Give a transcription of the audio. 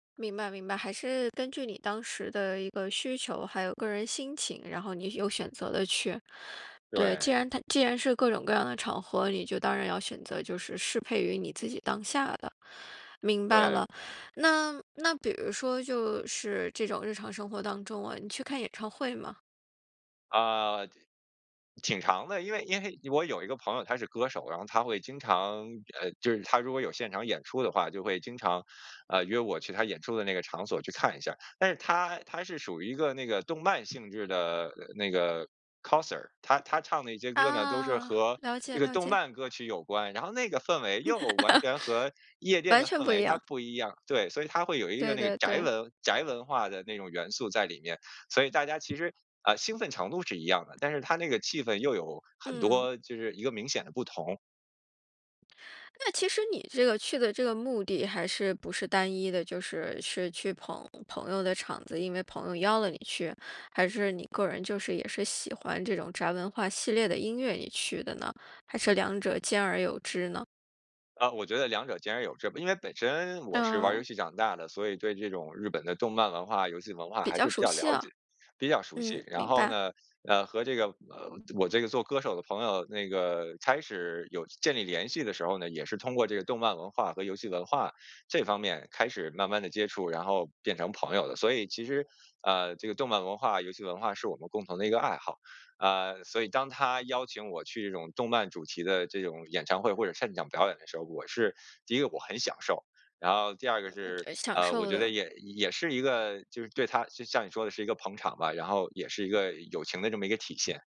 明白明白，还是根据你当时的一个需求，还有个人心情，然后你有选择地去。对，对。既然它既然是各种各样的场合，你就当然要选择就是适配于你自己当下的。明白对。了，那那比如说就是这种日常生活当中啊，你去看演唱会吗？啊，挺挺长的，因为因为我有一个朋友他是歌手，然后他会经常，呃，就是他如果有现场演出的话，就会经常，呃，约我去他演出的那个场所去看一下儿。但是他他是属于一个那个动漫性质的那个 Coser，他他唱的一些歌呢都是啊，和了这解个了动解。漫歌曲有关，然后那个氛围又完 全和夜店完的全氛不一围它样。不一样。对，所以它会有一个对那个对宅对。文宅文化的那种元素在里面，所以大家其实，啊，兴奋程度是一样的，但是它那个气氛又有很嗯。多，就是一个明显的不同。那其实你这个去的这个目的还是不是单一的，就是，是去捧朋友的场子，因为朋友邀了你去，还是你个人就是也是喜欢这种宅文化系列的音乐你去的呢？还是两者兼而有之呢？啊，我觉得两者兼然有之，因为本身我是玩儿游哦。戏长大的，所以对这种日本的动漫文化、游戏文化比还较是比熟较悉了解、啊。比较熟悉。嗯，然明后白。呢，呃，和这个，呃，我这个做歌手的朋友，那个开始有建立联系的时候呢，也是通过这个动漫文化和游戏文化，这方面开始慢慢地接触，然后变成朋友的。所以其实，呃，这个动漫文化、游戏文化是我们共同的一个爱好。啊，所以当他邀请我去这种动漫主题的这种演唱会或者现场表演的时候，我是第一个我很享受，然后第二个嗯，是，呃，享呃，我受觉得的。也也是一个就是对他就像你说的是一个捧场吧，然后也是一个友情的这么一个体现。